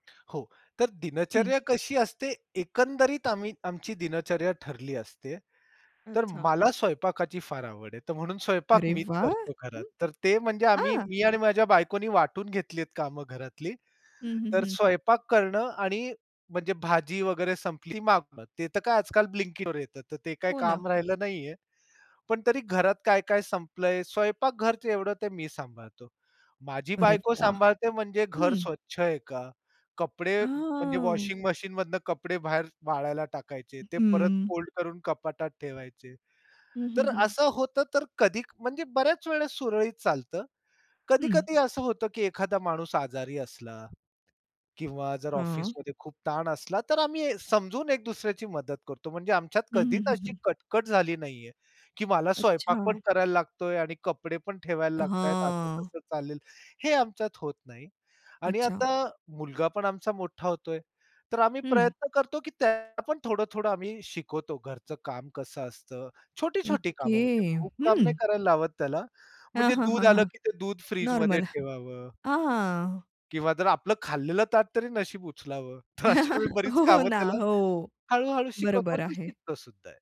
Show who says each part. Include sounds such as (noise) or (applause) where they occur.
Speaker 1: हो. तर
Speaker 2: हं.
Speaker 1: दिनचर्या कशी असते, एकंदरीत आम्ही आमची दिनचर्या ठरली असते. तर
Speaker 2: अच्छा.
Speaker 1: मला स्वयंपाकाची फार आवड आहे. तर म्हणून स्वयंपाक
Speaker 2: अरे
Speaker 1: मीच
Speaker 2: वाह!
Speaker 1: करतो घरात.
Speaker 2: हं.
Speaker 1: तर ते म्हणजे आम्ही,
Speaker 2: हां.
Speaker 1: मी आणि माझ्या बायकोनी वाटून घेतली आहेत कामं घरातली.
Speaker 2: हं, हं,
Speaker 1: तर
Speaker 2: हं.
Speaker 1: स्वयंपाक करणं आणि म्हणजे भाजी वगैरे संपली ती मागवणं. ते तर काय आजकाल blinkitवर येतं. तर ते काही
Speaker 2: हो ना.
Speaker 1: काम राहिलं नाही आहे, पण तरी घरात काय-काय संपलं आहे. स्वयंपाक घरच एवढं ते मी सांभाळतो. माझी
Speaker 2: अरे
Speaker 1: बायको
Speaker 2: वाह!
Speaker 1: सांभाळते म्हणजे घर
Speaker 2: हं.
Speaker 1: स्वच्छ आहे का? कपडे म्हणजे
Speaker 2: हां.
Speaker 1: वॉशिंग मशीनमधून कपडे बाहेर वाळायला टाकायचे. ते परत
Speaker 2: हं.
Speaker 1: फोल्ड करून कपाटात ठेवायचे.
Speaker 2: हं, हं,
Speaker 1: तर
Speaker 2: हं.
Speaker 1: असं होतं. तर कधी म्हणजे बऱ्याच वेळेस सुरळीत चालतं.
Speaker 2: हं.
Speaker 1: कधी-कधी असं होतं, की एखादा माणूस आजारी असला किंवा जर
Speaker 2: हां.
Speaker 1: ऑफिसमध्ये खूप ताण असला, तर आम्ही समजून एक दुसऱ्याची मदत करतो. म्हणजे आमच्यात
Speaker 2: हं,
Speaker 1: कधीच
Speaker 2: हं, हं,
Speaker 1: अशी
Speaker 2: हं.
Speaker 1: कटकट झाली नाही आहे, की मला स्वयंपाक
Speaker 2: अच्छा.
Speaker 1: पण करायला लागतोय आणि कपडेपण ठेवायला लागतायत, असं
Speaker 2: हां.
Speaker 1: कसं चालेल. हे आमच्यात होत नाही. आणि
Speaker 2: अच्छा.
Speaker 1: आता मुलगापण आमचा मोठा होतोय. तर आम्ही
Speaker 2: हं.
Speaker 1: प्रयत्न करतो की त्यालापण थोडं-थोडं आम्ही शिकवतो घरचं काम कसं असतं. छोटी-छोटी कामं
Speaker 2: ओके,
Speaker 1: म्हणजे खूप काम नाही
Speaker 2: हं.
Speaker 1: करायला लावत त्याला.
Speaker 2: हां,
Speaker 1: म्हणजे
Speaker 2: हां, हां,
Speaker 1: दूध आलं
Speaker 2: हां.
Speaker 1: की ते दूध फ्रिजमध्ये
Speaker 2: नॉर्मल.
Speaker 1: ठेवावं.
Speaker 2: अ, हां.
Speaker 1: किंवा जर आपलं खाल्लेलं ताटतरी नशीब उचलावं. तर अशी
Speaker 2: (chuckles)
Speaker 1: बरीच
Speaker 2: हो
Speaker 1: कामं
Speaker 2: ना,
Speaker 1: त्याला
Speaker 2: हो.
Speaker 1: हळू-हळू शिकवतो
Speaker 2: बरोबर
Speaker 1: आणि तो
Speaker 2: आहे.
Speaker 1: शिकतोसुद्धा आहे.